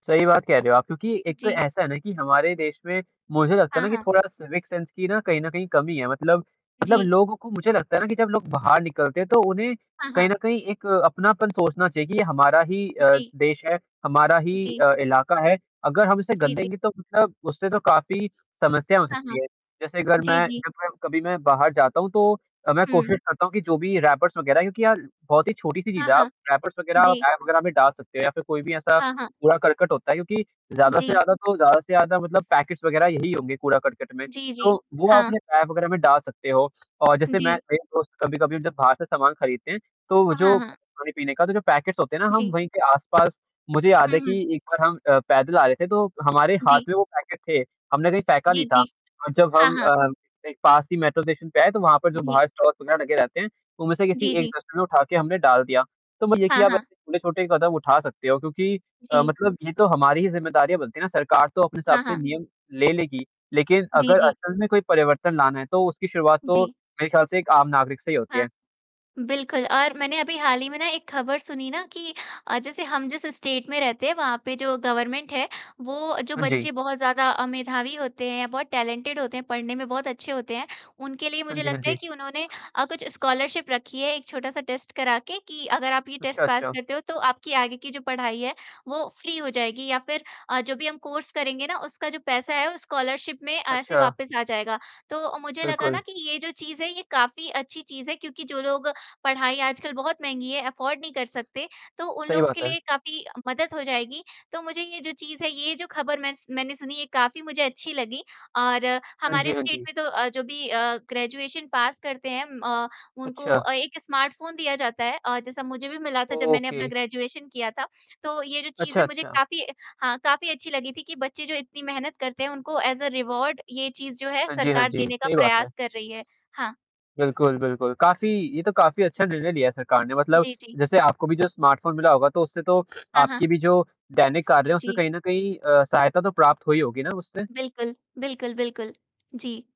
सही बात कह रहे हो आप, क्योंकि एक तो जी। ऐसा है ना कि हमारे देश में मुझे लगता है हाँ, ना कि हाँ। थोड़ा सिविक सेंस की ना कहीं न कहीं कमी है, मतलब मतलब जी। लोगों को मुझे लगता है ना कि जब लोग बाहर निकलते हैं, तो उन्हें हाँ, कहीं हाँ। न कहीं एक अपनापन सोचना चाहिए कि ये हमारा ही अ, जी। देश है, हमारा ही जी। अ, इलाका है, अगर हम इसे जी, जी। गंदेंगे तो मतलब उससे तो काफ़ी समस्या हो हाँ, सकती हाँ, है। जैसे अगर जी, मैं जी। जब मैं कभी मैं बाहर जाता हूँ तो अ, मैं हुँ। कोशिश करता हूँ कि जो भी रैपर्स वग़ैरह हैं, क्योंकि यार बहुत ही छोटी-सी चीज़ हाँ, है आप हाँ, रैपर्स वग़ैरह आप जी। टाय वग़ैरह में डाल सकते हो या फिर कोई भी ऐसा हाँ, हाँ। कूड़ा-करकट होता है क्योंकि ज़्यादा से जी। ज़्यादा तो ज़्यादा से ज़्यादा मतलब पैकेट्स वग़ैरह यही होंगे कूड़ा-करकट में। जी, तो जी, वो आप हाँ। अपने टाय वग़ैरह में डाल सकते हो और जैसे मैं जी। मेरे दोस्त कभी-कभी हम जब बाहर से सामान खरीदते हैं, तो वो हाँ, जो हाँ। खाने-पीने का, तो जो पैकेट्स होते हैं ना हम जी। वहीं के आस-पास मुझे याद हुँ, है कि हुँ। एक बार हम अ, पैदल आ रहे थे, तो हमारे हाथ जी। में वो पैकेट थे, हमने कहीं फेंका जी, नहीं था जी, और जब हाँ, हम हाँ। अ, एक पास ही मेट्रो स्टेशन पे आए, तो वहाँ पर जो जी। बाहर स्टॉल्स वग़ैरह लगे रहते हैं, उनमें से किसी जी, एक जी। डस्टबिन में उठा के हमने डाल दिया। तो म ये कि हाँ, अब हाँ। उन्हें छोटे ही कदम उठा सकते हो क्योंकि अ, जी। मतलब ये तो हमारी ही ज़िम्मेदारियाँ बनती है ना, सरकार तो अपने हिसाब हाँ, से हाँ। नियम ले लेगी, लेकिन जी, अगर जी। असल में कोई परिवर्तन लाना है, तो उसकी शुरुआत तो जी। मेरे ख़्याल से एक आम नागरिक से ही होती है। हाँ, बिल्कुल, और मैंने अभी हाल ही में ना एक खबर सुनी ना कि अ, जैसे हम जिस स्टेट में रहते हैं, वहाँ पे जो गवर्नमेंट है, वो जो हाँ जी। बच्चे बहुत ज़्यादा अ, मेधावी होते हैं या बहुत टैलेंटेड होते हैं, पढ़ने में बहुत अच्छे होते हैं, उनके लिए हाँ मुझे जी, हाँ लगता है जी। कि उन्होंने अ, कुछ स्कॉलरशिप रखी है, एक छोटा-सा टेस्ट करा के कि, अगर आप ये अच्छा, टेस्ट पास अच्छा। करते हो तो आपकी आगे की जो पढ़ाई है, वो फ्री हो जाएगी या फिर अ, जो भी हम कोर्स करेंगे ना उसका जो पैसा है उस स्कॉलरशिप में ऐसे अच्छा। वापस आ जाएगा। तो मुझे लगा ना बिल्कुल। कि ये जो चीज़ है ये काफ़ी अच्छी चीज़ है क्योंकि जो लोग पढ़ाई आजकल बहुत महँगी है अफ़ोर्ड नहीं कर सकते, तो उन सही लोगों के बात है। लिए काफ़ी मदद हो जाएगी। तो मुझे ये जो चीज़ है, ये जो खबर मैं स मैंने सुनी ये काफ़ी मुझे अच्छी लगी और हाँ जी, हमारे हाँ स्टेट जी। में तो अ, जो भी अ, ग्रेजुएशन पास करते हैं म अ, उनको अच्छा। अ, 1 स्मार्टफ़ोन दिया जाता है अ, जैसा मुझे भी मिला था जब मैंने अपना ओके। ग्रेजुएशन किया था। तो ये जो चीज़ अच्छा, है मुझे अच्छा। काफ़ी हाँ, काफ़ी अच्छी लगी थी कि बच्चे जो इतनी मेहनत करते हैं, उनको एज़ अ रिवार्ड ये चीज़ जो है हाँ जी, हाँ सरकार जी, देने का सही बात है। प्रयास कर रही है। हाँ। बिल्कुल, बिल्कुल, काफ़ी ये तो काफ़ी अच्छा निर्णय लिया है सरकार ने मतलब जी, जी। जैसे आपको भी जो स्मार्टफ़ोन मिला होगा, तो उससे तो हाँ, हाँ। आपकी भी जो देनिक कार्य हैं उसमें जी। कहीं न कहीं अ, सहायता तो प्राप्त हुई होगी ना उससे? बिल्कुल, बिल्कुल, बिल्कुल, जी।